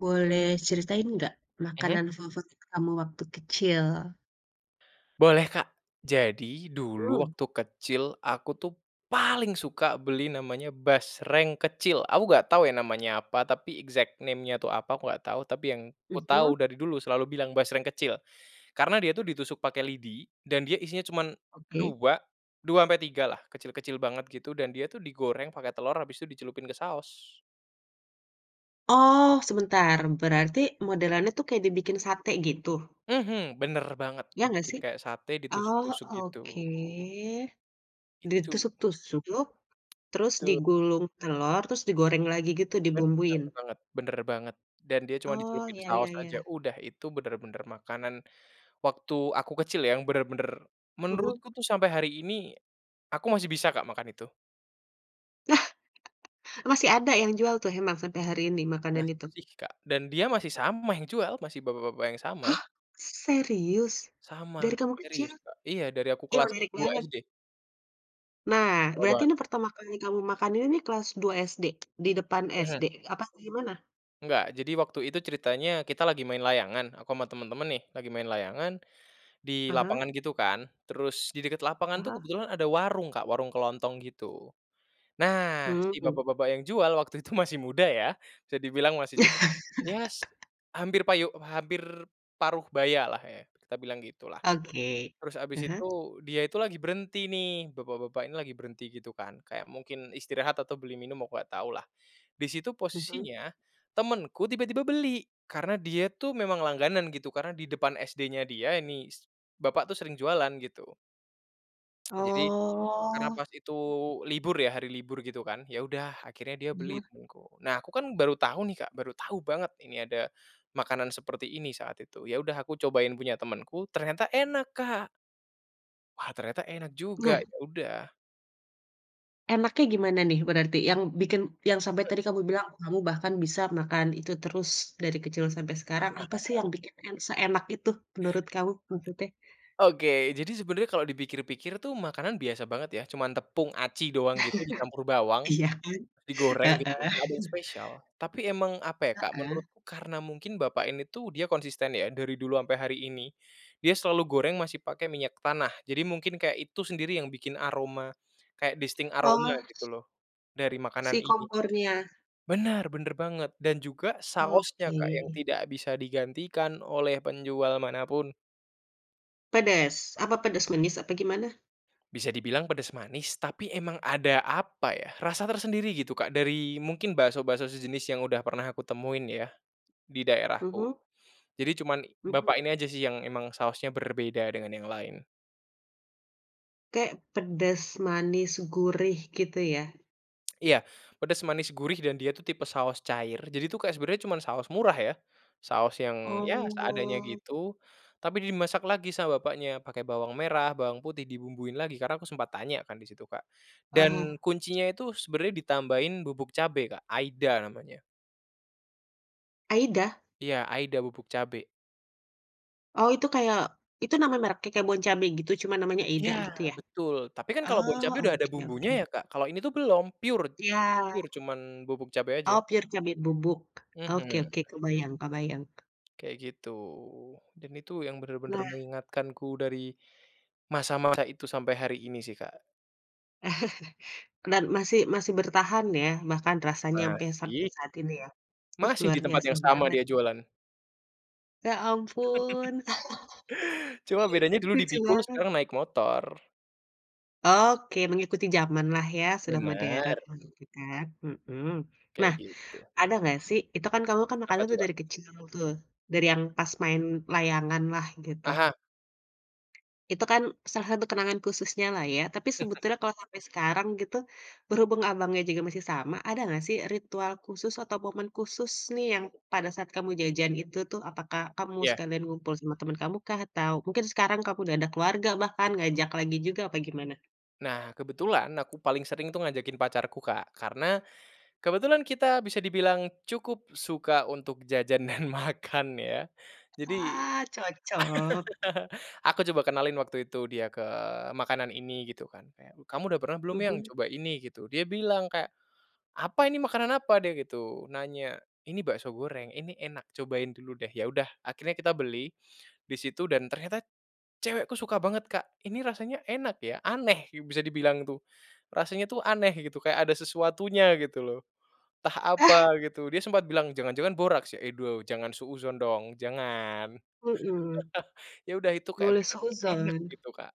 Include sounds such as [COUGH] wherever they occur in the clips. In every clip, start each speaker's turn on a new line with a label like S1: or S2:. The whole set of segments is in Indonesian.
S1: Boleh ceritain nggak,
S2: Mhm.
S1: makanan favorit kamu waktu kecil?
S2: Boleh, Kak. Jadi dulu
S1: Mmm.
S2: waktu kecil, aku tuh paling suka beli namanya basreng kecil. Aku enggak tahu ya namanya apa, tapi, exact name-nya tuh apa, aku enggak tahu, tapi yang
S1: Mhm.
S2: kutahu, dari dulu selalu bilang basreng kecil. Karena dia tuh ditusuk pakai lidi, dan dia isinya cuma
S1: Oke.
S2: dua, dua ampe tigalah. Kecil-kecil banget gitu, dan dia tuh digoreng pakai telur, habis itu dicelupin ke saos.
S1: Oh, sebentar. Berarti, modelannya tuh, kayak dibikin sate, gitu?
S2: Mhm, benar banget.
S1: Ya nggak,
S2: Dibikin
S1: sih?
S2: kayak sate,
S1: Oh,
S2: ditusuk-tusuk gitu.
S1: oke.
S2: Itu.
S1: Ditusuk-tusuk, terus
S2: Tu
S1: digulung telor, terus digoreng lagi gitu,
S2: Benar
S1: dibumbuin?
S2: banget benar banget. Dan dia cuma
S1: Oh,
S2: dicelupin
S1: ya
S2: saos
S1: ya
S2: aja,
S1: ya.
S2: udah, itu benar-benar makanan waktu aku kecil ya, yang benar-benar,
S1: Mhm.
S2: menurutku tuh sampai hari ini, aku masih bisa, Kak, makan itu.
S1: Lah! [CHUCKLES] Masih ada, yang jual tuh, emang, sampai hari ini, makanan itu?
S2: Masih, Kak. Dan dia masih sama yang jual, masih bapak-bapak yang sama.
S1: Hah! Serius? Dari
S2: Sama.
S1: kamu kecil?
S2: Serius, Kak. Iya, dari aku
S1: Ya,
S2: kelas
S1: menarik
S2: 2
S1: banget.
S2: SD.
S1: Nah,
S2: Lama
S1: berarti
S2: banget.
S1: ini pertama kali kamu makan ini nih, kelas 2 SD? Di depan
S2: Mhm.
S1: SD, apa kayak gimana?
S2: Enggak. Jadi waktu itu, ceritanya, kita lagi main layangan. Aku ama teman-teman, nih. Lagi main layangan, di
S1: Ah hah.
S2: lapangan gitu kan. Terus, di dekat
S1: Ah
S2: lapangan tuh,
S1: hah.
S2: kebetulan ada warung, Kak. Warung kelontong gitu. Nah, si
S1: Mhm.
S2: bapak-bapak yang jual, waktu itu masih muda, ya. Bisa dibilang masih cuk ya, s
S1: [LAUGHS]
S2: hampir payu hampir paruh bayalah ya, kita bilang gitulah.
S1: Oke.
S2: Terus habis
S1: Ah hah.
S2: itu, dia itu lagi berhenti, nih. Bapak-bapak ini lagi berhenti, gitu kan, kayak mungkin istirahat atau beli minum, aku enggak tahulah. Di situ
S1: Mhm.
S2: posisinya, temanku tiba-tiba beli. Karena dia tuh memang langganan, gitu. Karena di depan SD-nya dia, ini s bapak tuh sering jualan, gitu. [TSK] Jadi, karena
S1: Oh.
S2: pas itu, libur ya, hari libur, gitu kan. Ya udah, akhirnya dia beli,
S1: Ya.
S2: temanku. Nah, aku kan, baru tahu nih, Kak. Baru tahu banget ini ada makanan seperti ini, saat itu. Ya udah, aku cobain punya temanku, ternyata enak, Kak. Wah, ternyata enak
S1: Nah.
S2: juga. Ya udah.
S1: Enaknya gimana nih, berarti? Yang bikin yang sampai
S2: [UNINTELLIGIBLE]
S1: tadi kamu bilang, "Kamu bahkan bisa makan itu terus dari kecil sampai sekarang." apa sih
S2: [CHUCKLES]
S1: yang bikin en seenak itu, menurut kamu, maksudnya?
S2: Oke. Jadi sebenarnya, kalau dipikir-pikir tuh, makanan biasa banget, ya. Cuma tepung aci doang gitu, dicampur
S1: [CHUCKLES]
S2: bawang,
S1: Iya, kan?
S2: digoreng, gitu.
S1: Heeh.
S2: Enggak ada yang spesial.
S1: [CHUCKLES]
S2: Tapi emang, apa ya, Kak.
S1: Heeh.
S2: Menurut karena mungkin bapak ini tuh, dia konsisten, ya, dari dulu ampe hari ini, dia selalu goreng masih pakai minyak tanah. Jadi, mungkin kayak itu sendiri, yang bikin aroma, kayak distinct aroma
S1: Oh,
S2: gitu
S1: s
S2: loh, dari
S1: Si
S2: makanan ini.
S1: kompornya.
S2: Benar, benar banget. Dan juga, sausnya,
S1: Oke.
S2: Kak, yang tidak bisa digantikan, oleh penjual mana pun.
S1: Pedas? Apa pedas manis, apa gimana?
S2: Bisa dibilang pedas manis, tapi emang ada, apa ya, rasa tersendiri gitu, Kak, dari, mungkin bakso-bakso sejenis, yang udah pernah aku temuin, ya, di daerahku.
S1: Mhm.
S2: Jadi, cuman
S1: Mhm.
S2: bapak ini aja sih, yang emang sausnya berbeda dengan yang lain.
S1: Kek, pedas manis gurih, gitu ya?
S2: [CLICKS TONGUE] Iya. Pedas manis gurih, dan dia tuh tipe saos cair. Jadi tuh, kayak, sebenarnya cuman saos murah, ya. Saos yang, ya, seadanya
S1: Oh.
S2: gitu, tapi dimasak lagi sama bapaknya, pakai bawang merah, bawang putih, dibumbuin lagi. Karena aku sempat tanya kan, di situ, Kak.
S1: Ah
S2: Dan,
S1: hah.
S2: kuncinya itu, sebenarnya ditambahin bubuk cabe, Kak. Aida namanya.
S1: AIDA?
S2: Iya, AIDA bubuk cabe.
S1: Oh, itu kayak itu namanya merknya kayak BonCabe gitu cuma namanya AIDA
S2: Iya,
S1: gitu, ya?
S2: betul, tapi kan kalau
S1: Oh,
S2: BonCabe udah ada
S1: oke
S2: bumbunya
S1: oke.
S2: ya, Kak, kalau ini tuh belum pure,
S1: Iya.
S2: pure cuman bubuk cabe aja.
S1: Oh, pure cabe bubuk? Oke
S2: Mhm.
S1: oke, kebayang kebayang.
S2: Kayak gitu dan itu yang benar-benar
S1: Nah
S2: mengingatkanku dari masa-masa itu sampai hari ini sih, Kak.
S1: [CHUCKLES] Dan masih masih bertahan, ya? Bahkan rasanya ampe sap
S2: Masih.
S1: saat ini, ya? Ih,
S2: Masih
S1: luar
S2: di tempat
S1: biasa
S2: yang sama
S1: banget!
S2: dia jualan.
S1: Ya,
S2: [LAUGHS]
S1: ampun.
S2: Cuma
S1: [CHUCKLES]
S2: bedanya dulu
S1: Lucu
S2: dipikul
S1: banget.
S2: sekarang naik motor.
S1: Oke. Mengikuti jamanlah, ya? Sudah modern,
S2: Benar.
S1: begitu kan mhm.
S2: Kayak
S1: Nah,
S2: gitu.
S1: ada enggak sih itu kan kamu kan
S2: Apa
S1: makanan
S2: tuh,
S1: tuh
S2: Kak?
S1: dari kecil tuh, dari yang pas main layanganlah gitu.
S2: Aha.
S1: Itu kan salah satu kenangan khususnyalah ya, tapi
S2: [CHUCKLES]
S1: sebetulnya kalau sampai sekarang gitu, berhubung abangnya juga masih sama, ada enggak sih ritual khusus atau momen khusus nih yang pada saat kamu jajan itu tuh, apakah kamu
S2: Iya.
S1: sekalian ngumpul sama teman kamukah? Atau mungkin sekarang kamu udah ada keluarga bahkan ngajak lagi juga, apa gimana?
S2: Nah, kebetulan aku paling sering tuh ngajakin pacarku, Kak, karena kebetulan kita bisa dibilang cukup suka untuk jajan dan makan ya. Jadi,
S1: Wah, cocok.
S2: [CHUCKLES] aku coba kenalin waktu itu dia ke makanan ini gitu kan kayak, "Kamu udah pernah belum, Yang,
S1: Mhm.
S2: coba ini?" Gitu. Dia bilang kayak, "Apa ini? Makanan apa?" Dia gitu nanya. "Ini bakso goreng, ini enak cobain dulu deh." Ya udah, akhirnya kita beli di situ dan ternyata cewekku suka banget, Kak, "Ini rasanya enak ya, aneh." Ya bisa dibilang itu. Rasanya tuh aneh gitu kayak ada sesuatunya gitu loh, entah apa
S1: Ah.
S2: gitu. Dia sempat bilang, "Jangan-jangan boraks, ya?" "Et wo jangan suudzan dong, jangan."
S1: Mmm.
S2: [LAUGHS] Ya udah itu kayak
S1: Boleh
S2: benar-benar enak
S1: suuzan.
S2: gitu Kak.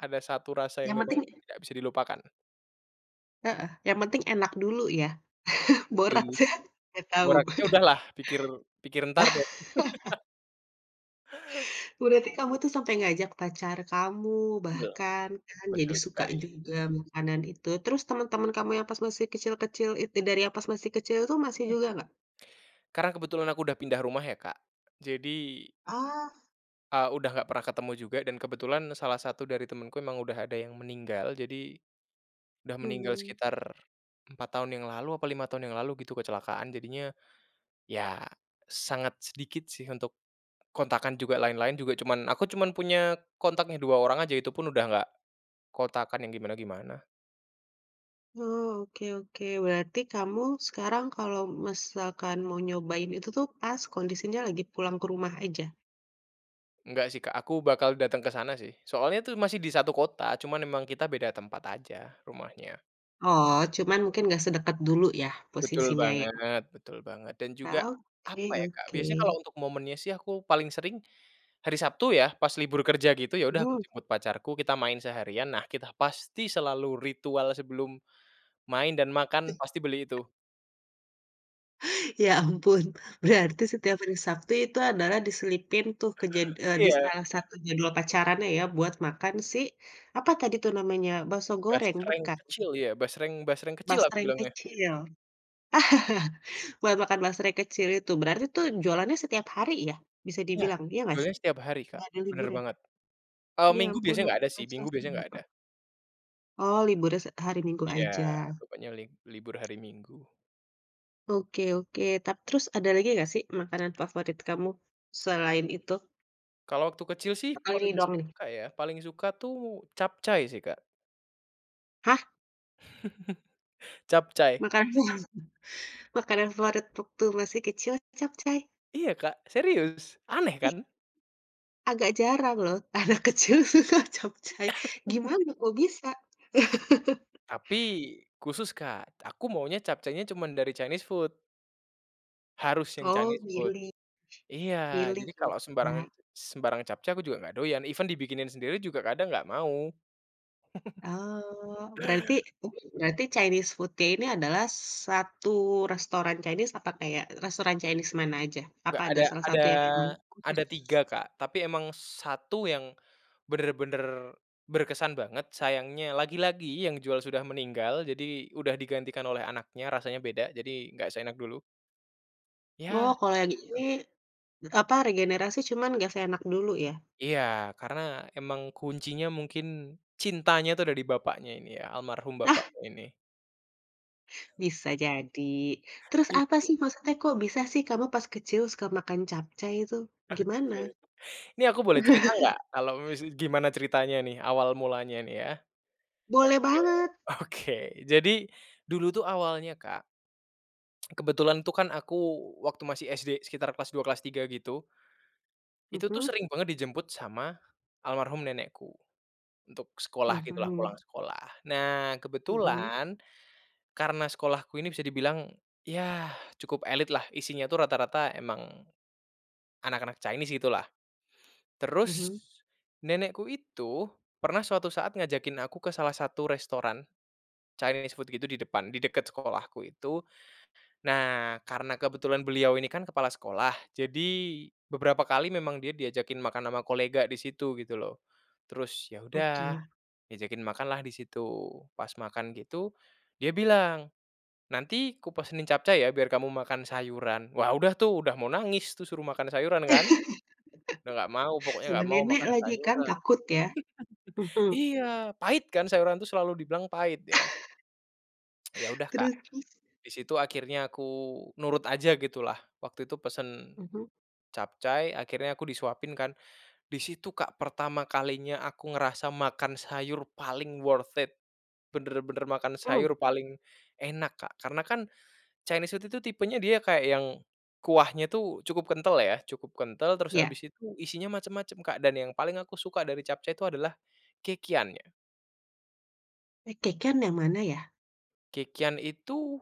S2: Ada 1 rasa yang
S1: Yang
S2: memang
S1: penting
S2: tidak bisa dilupakan.
S1: Heeh, yang penting enak dulu, ya? [LAUGHS]
S2: Setuju.
S1: Boraksnya, nggak tahu?
S2: Boraksnya udahlah, pikir pikir entar deh.
S1: [LAUGHS]
S2: [LAUGHS]
S1: Berarti kamu tuh, sampai ngajak pacar kamu,
S2: Betul.
S1: bahkan kan jadi
S2: Betul
S1: suka
S2: sekali.
S1: juga, makanan itu. Terus, teman-teman kamu yang pas masih kecil-kecil itu dari yang pas masih kecil itu, masih
S2: Mhm.
S1: juga nggak?
S2: Karena, kebetulan aku udah pindah rumah ya, Kak. Jadi
S1: Oh.
S2: eee, udah nggak pernah ketemu juga dan kebetulan salah satu dari temenku emang udah ada yang meninggal. Jadi, udah meninggal
S1: Hmm.
S2: sekitar 4 tahun yang lalu, apa 5 tahun yang lalu, gitu, kecelakaan. Jadinya, ya, sangat sedikit sih, untuk, kontakan juga lain-lain juga cuman aku cuman punya kontaknya, 2 orang aja, itupun udah nggak kontakan yang gimana-gimana.
S1: Oh, oke oke, berarti kamu sekarang kalau misalkan mau nyobain itu tuh, pas, kondisinya lagi pulang ke rumah aja?
S2: Enggak sih Kak, aku bakal datang ke sana sih, soalnya tuh masih di satu kota cuman memang kita beda tempat aja, rumahnya.
S1: Oh, cuman mungkin nggak sedekat dulu ya,
S2: Betul
S1: posisinya, ya?
S2: banget betul banget, dan juga, apa
S1: Oke
S2: ya, Kak.
S1: oke.
S2: Biasanya, kalau untuk momennya sih, aku paling sering, hari Sabtu ya, pas libur kerja gitu, ya udah, aku
S1: Mhm.
S2: jemput pacarku, kita main seharian, nah kita pasti selalu ritual sebelum main dan makan, pasti beli
S1: [UNINTELLIGIBLE]
S2: itu.
S1: Ya ampun,
S2: [UNINTELLIGIBLE]
S1: berarti setiap hari Sabtu itu adalah diselipin tuh, kejad eee, di
S2: Iya.
S1: salah satu jadwal pacarannya ya, buat makan si, apa tadi tuh namanya, bakso goreng,
S2: Basreng
S1: bukan?
S2: kecil iya, basreng basreng kecil, aku
S1: Basreng
S2: bilangnya.
S1: kecil. [CHUCKLES] Buat makan basreng kecil itu, berarti tuh, jualannya setiap hari ya, bisa
S2: Iya,
S1: dibilang, iya nggak sih?
S2: jualnya setiap hari Kak,
S1: Nggak ada
S2: bener
S1: liburnya?
S2: banget. Kalau
S1: Ya
S2: minggu
S1: ampun.
S2: biasanya enggak ada sih, minggu biasanya enggak ada.
S1: [UNINTELLIGIBLE] Oh, liburnya se hari minggu
S2: Iya,
S1: aja.
S2: pokoknya li libur hari Minggu.
S1: Oke oke, tap terus ada lagi nggak sih, makanan favorit kamu, selain itu?
S2: Kalau waktu kecil sih,
S1: Apa, ini
S2: paling
S1: doang nih?
S2: suka ya, paling suka tuh, capcai sih Kak.
S1: Hah?
S2: [CHUCKLES] Capcai.
S1: Makanan. Makanan favorit waktu masih kecil, capcai?
S2: Iya Kak, serius, aneh
S1: Ih
S2: kan?
S1: agak jarang loh, anak kecil suka capcai, gimana
S2: [LAUGHS]
S1: kok bisa? [CHUCKLES]
S2: Tapi, khusus Kak, aku maunya capcainya cuman dari Chinese food harus yang
S1: Oh,
S2: Chinese food.
S1: milih.
S2: Iya,
S1: Milih
S2: jadi
S1: ya
S2: kalau
S1: Kak?
S2: sembarangan sembarang capcai, aku juga nggak doyan, even dibikinin sendiri juga, kadang nggak mau. [CHUCKLES]
S1: Oh, berarti berarti Chinese food-nya ini adalah satu restoran Chinese, apa kayak, restoran Chinese mana aja? Apa
S2: Nggak
S1: ada
S2: ada
S1: salah
S2: ada
S1: satu yang emang khusus?
S2: ada tiga Kak, tapi emang satu yang, benar-benar berkesan banget, sayangnya lagi-lagi yang jual sudah meninggal, jadi udah digantikan oleh anaknya, rasanya beda. Jadi, nggak seenak dulu.
S1: Oh
S2: Iya,
S1: kalau yang ini,
S2: betul.
S1: apa, regenerasi cuman nggak seenak dulu, ya?
S2: Iya, karena emang kuncinya mungkin, cintanya itu, ada di bapaknya ini ya, almarhum
S1: Ah.
S2: bapaknya ini.
S1: Bisa jadi. Terus,
S2: Iya,
S1: apa
S2: gitu
S1: sih
S2: sih, Kak.
S1: maksudnya, kok bisa sih kamu pas kecil suka makan capcai itu, gimana?
S2: Oke. Ini aku boleh cerita
S1: [CHUCKLES]
S2: enggak kalau mise gimana ceritanya nih, awal mulanya nih, ya.
S1: Boleh
S2: Oke
S1: banget!
S2: oke, jadi dulu tuh, awalnya Kak, [TSK] kebetulan tuh, kan, aku waktu masih SD sekitar kelas 2, kelas 3, gitu. Itu tuh,
S1: Mhm?
S2: sering banget dijemput sama almarhum nenekku, untuk sekolah gitulah, pulang
S1: Mhm.
S2: sekolah. Nah,
S1: Mhm?
S2: kebetulan, karena sekolahku ini bisa dibilang, yah cukup elit lah, isinya tuh rata-rata emang, anak-anak Chinese, gitu lah. Terus,
S1: Mhm.
S2: nenekku itu pernah suatu saat ngajakin aku ke salah satu restoran, Chinese food gitu, di depan, di dekat sekolahku itu. Nah, karena kebetulan beliau ini kan, kepala sekolah, jadi beberapa kali memang dia diajakin makan ama kolega di situ, gitu loh. Terus, ya udah,
S1: Oke.
S2: diajakin makanlah di situ, pas makan gitu, dia bilang, "Nanti kupesenin capcai ya, biar kamu makan sayuran." wah udah tuh, udah mau nangis tuh, suruh makan sayuran kan. Udah nggak mau
S1: [LAUGHS]
S2: pokoknya,
S1: Sama
S2: nggak mau
S1: nenek
S2: makan
S1: lagi kan,
S2: sayuran.
S1: takut ya?
S2: [CHUCKLES]
S1: Mhm.
S2: Iya, pahit kan, sayuran tuh, selalu dibilang pahit, ya?
S1: [CHUCKLES]
S2: [TSK] Ya udah Kak,
S1: Terus terus?
S2: di situ akhirnya aku nurut aja, gitulah, waktu itu pesen
S1: Mhm.
S2: capcai, akhirnya aku disuapin kan. Di situ Kak pertama kalinya aku ngerasa makan sayur paling worth it, benar-benar makan
S1: Mmm.
S2: sayur paling enak Kak. Karena kan, Chinese food itu tipenya dia kayak, yang kuahnya tuh cukup kental ya, cukup kental, terus
S1: Ya.
S2: habis itu isinya macem-macem Kak, dan yang paling aku suka dari capcai itu adalah kekian, ya.
S1: Eh, kekian yang mana ya?
S2: Kekian itu,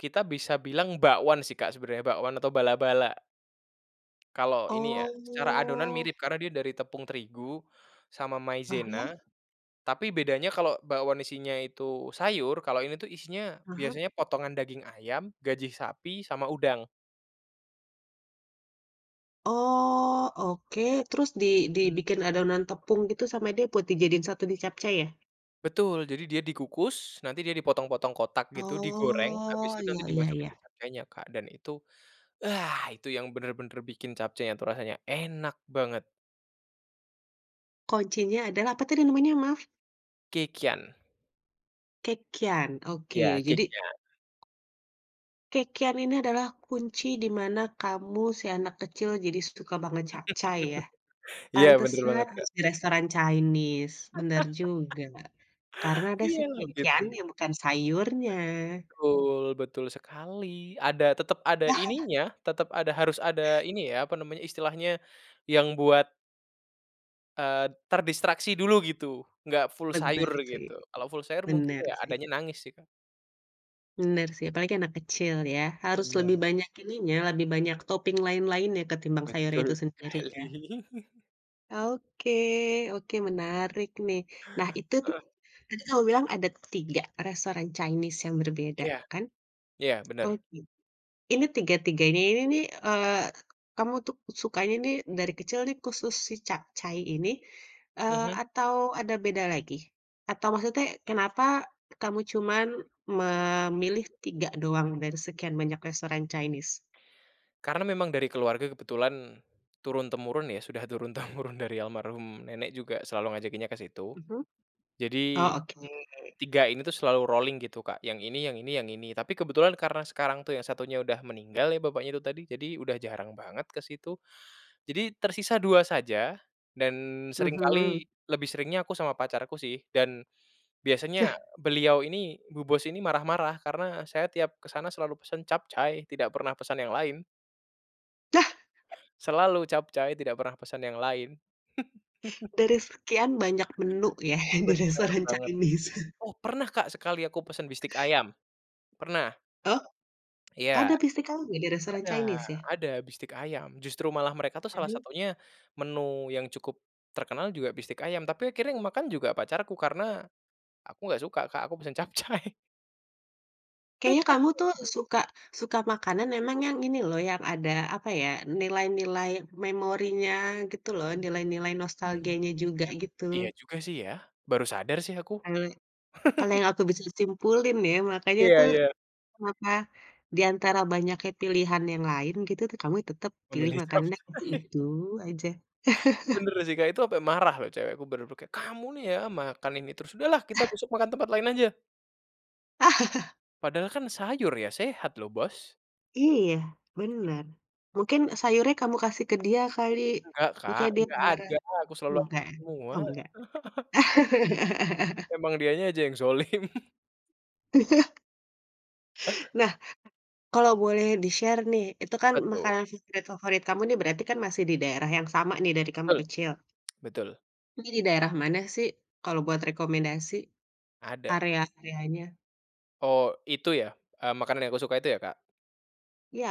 S2: kita bisa bilang bakwan sih, Kak, sebenarnya bakwan atau bala-bala. Kalau ini ya secara adonan
S1: Oh.
S2: mirip karena dia dari tepung terigu, sama
S1: Heeh.
S2: maizena, tapi bedanya kalau bakwan isinya itu sayur, kalau ini tuh isinya
S1: Heeh.
S2: biasanya potongan daging ayam, gajih sapi, sama udang.
S1: Oh, oke terus di
S2: Mmm.
S1: dibikin adonan tepung gitu sama dia buat dijadiin satu di capcay ya?
S2: Betul. Jadi, dia dikukus nanti dia dipotong-potong kotak gitu, digoreng habis
S1: Oh,
S2: itu
S1: iya
S2: nanti
S1: iya
S2: dimasukin ke
S1: iya.
S2: capcaynya, Kak, dan itu, ah, itu yang benar-benar bikin capcaynya itu rasanya enak banget.
S1: Kuncinya adalah apa tadi namanya, maaf?
S2: Kekian.
S1: Kekian oke
S2: Iya
S1: jadi
S2: kekian.
S1: kekian ini adalah kunci di mana kamu si anak kecil, jadi suka banget capcay ya,
S2: [LAUGHS] Iya benar
S1: pantesan
S2: banget Kak.
S1: harus di restoran Chinese benar juga. Karena
S2: [LAUGHS]
S1: ada
S2: Iya
S1: sih
S2: loh gitu.
S1: kekiannya bukan sayurnya.
S2: Betul, betul sekali ada tetap, ada ininya tetap ada harus ada
S1: [CHUCKLES]
S2: ini ya, apa namanya istilahnya yang buat eee, terdistraksi dulu gitu enggak full sayur
S1: Benar sih,
S2: gitu kalau full sayur mungkin
S1: benar
S2: ya
S1: sih.
S2: adanya nangis sih Kak.
S1: Benar sih, apalagi anak kecil ya, harus lebih
S2: Benar.
S1: banyak ininya lebih banyak topping lain-lainnya ketimbang sayur itu
S2: Betul
S1: sendiri
S2: sekali.
S1: ya.
S2: [CHUCKLES]
S1: Oke, oke menarik nih nah itu, tadi
S2: Heeh.
S1: kamu bilang ada 3 restoran Chinese yang berbeda
S2: Iya,
S1: kan,
S2: iya
S1: oh
S2: benar.
S1: git ini tiga-tiganya ini nih, eee, kamu tuh sukanya nih dari kecil nih khusus si capcay ini, eee,
S2: Mhm.
S1: atau ada beda lagi? Atau maksudnya kenapa kamu cuman memilih 3 doang dari sekian banyak restoran Chinese?
S2: Karena memang dari keluarga kebetulan turun-temurun ya, sudah turun-temurun dari almarhum nenek juga selalu ngajakinnya ke situ.
S1: Mhm,
S2: Jadi,
S1: oh oke.
S2: 3 ini tuh selalu rolling gitu Kak yang ini yang ini yang ini. Tapi kebetulan karena sekarang tuh yang satunya udah meninggal ya, bapaknya itu tadi jadi, udah jarang banget ke situ. Jadi, tersisa 2 saja dan
S1: Mhm.
S2: seringkali, lebih seringnya aku sama pacarku sih dan, biasanya
S1: Yah.
S2: beliau ini bu bos ini marah-marah karena saya tiap kesana selalu pesan capcay tidak pernah pesan yang lain.
S1: Lah. [CHUCKLES]
S2: Selalu capcay tidak pernah pesan yang lain. [CHUCKLES]
S1: Dari sekian banyak menu ya yang di
S2: Benar
S1: restoran
S2: banget.
S1: Chinese.
S2: Oh pernah Kak, sekali aku pesan bistik ayam, pernah.
S1: Oh? Ada
S2: Iya,
S1: bistik kalau di restoran
S2: ada,
S1: Chinese ya?
S2: ada bistik ayam justru malah mereka tuh salah
S1: Mhm.
S2: satunya menu yang cukup terkenal juga bistik ayam tapi akhirnya yang makan juga pacarku karena, aku nggak suka, Kak, aku pesan capcay.
S1: Kayaknya
S2: Tetap
S1: kamu tuh
S2: capcay.
S1: suka suka makanan emang yang ini loh yang ada apa ya nilai-nilai memorinya gitu loh, nilai-nilai
S2: Mhm,
S1: nostalgianya juga
S2: iya
S1: gitu.
S2: juga sih ya, baru sadar sih aku.
S1: Kalau, kalau
S2: [CHUCKLES]
S1: yang aku bisa simpulin ya, makanya
S2: Iya
S1: tuh,
S2: iya.
S1: maka diantara banyaknya pilihan yang lain gitu tuh kamu tetap ya pilih,
S2: Memilih
S1: makanannya
S2: capcay.
S1: yang itu
S2: [CHUCKLES]
S1: itu aja. [CHUCKLES]
S2: Benar sih, Kak, itu sampai marah cewekku benar-benar kayak, "Kamu nih ya makan ini terus sudahlah kita
S1: [CHUCKLES]
S2: besok makan tempat lain aja."
S1: [CHUCKLES]
S2: Padahal kan sayur ya sehat loh, Bos.
S1: Iya benar,
S2: [CHUCKLES]
S1: mungkin sayurnya kamu kasih ke dia kali,
S2: Nggak, Kak,
S1: makanya dia
S2: nggak
S1: marah.
S2: ada aku selalu
S1: Oh
S2: [UNINTELLIGIBLE]
S1: enggak,
S2: semua.
S1: oh enggak.
S2: [CHUCKLES]
S1: [CHUCKLES]
S2: Emang dianya aja yang dzalim. [CHUCKLES]
S1: [CHUCKLES] Nah, kalau boleh di-share nih itu kan
S2: Apa tuh?
S1: makanan favorit favorit kamu nih berarti kan masih di daerah yang sama nih dari kamu
S2: Betul,
S1: kecil.
S2: betul.
S1: Ini di daerah mana sih kalau buat rekomendasi?
S2: Ada.
S1: Area-areanya.
S2: Oh, itu ya, eee, makanan yang aku suka itu ya, Kak?
S1: Iya,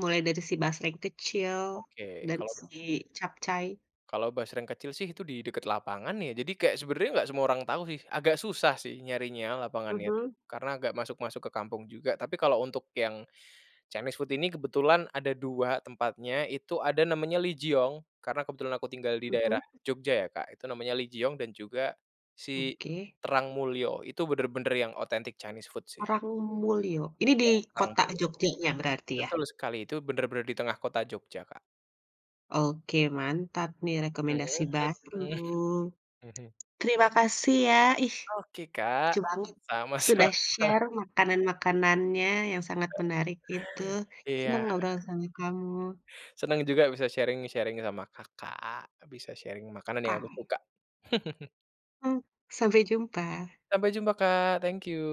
S1: mulai dari si basreng kecil,
S2: Oke
S1: dan
S2: kalau
S1: si capcay.
S2: kalau basreng kecil sih, itu di dekat lapangan ya. Jadi, kayak sebenarnya nggak semua orang tahu sih, agak susah sih nyarinya lapangannya itu
S1: Mhm.
S2: karena agak masuk-masuk ke kampung juga. Tapi kalau untuk yang, Chinese food ini kebetulan ada 2 tempatnya itu ada namanya Lee Jiong karena kebetulan aku tinggal di
S1: Mhm.
S2: daerah Jogja ya, Kak, itu namanya Lee Jiong dan juga si
S1: Oke.
S2: Terang Mulyo itu benar-benar yang autentik Chinese food sih.
S1: Terang Mulyo ini di
S2: Iya Terang
S1: kota
S2: Mulyo,
S1: Jogjanya berarti ya?
S2: betul sekali itu benar-benar di tengah kota Jogja Kak.
S1: Oke mantap nih
S2: Mhm
S1: rekomendasi baru,
S2: mhm. Mhm.
S1: terima kasih ya, ih,
S2: Oke
S1: lucu
S2: Kak,
S1: banget sudah
S2: sama-sama.
S1: share makanan-makanannya yang sangat menarik itu, senang
S2: Iya.
S1: ngobrol sama kamu.
S2: Senang juga bisa sharing-sharing sama Kakak, bisa sharing makanan yang aku
S1: Kamu
S2: suka. [CHUCKLES]
S1: Mhm. Sampai jumpa.
S2: Sampai jumpa Kak. Thank you.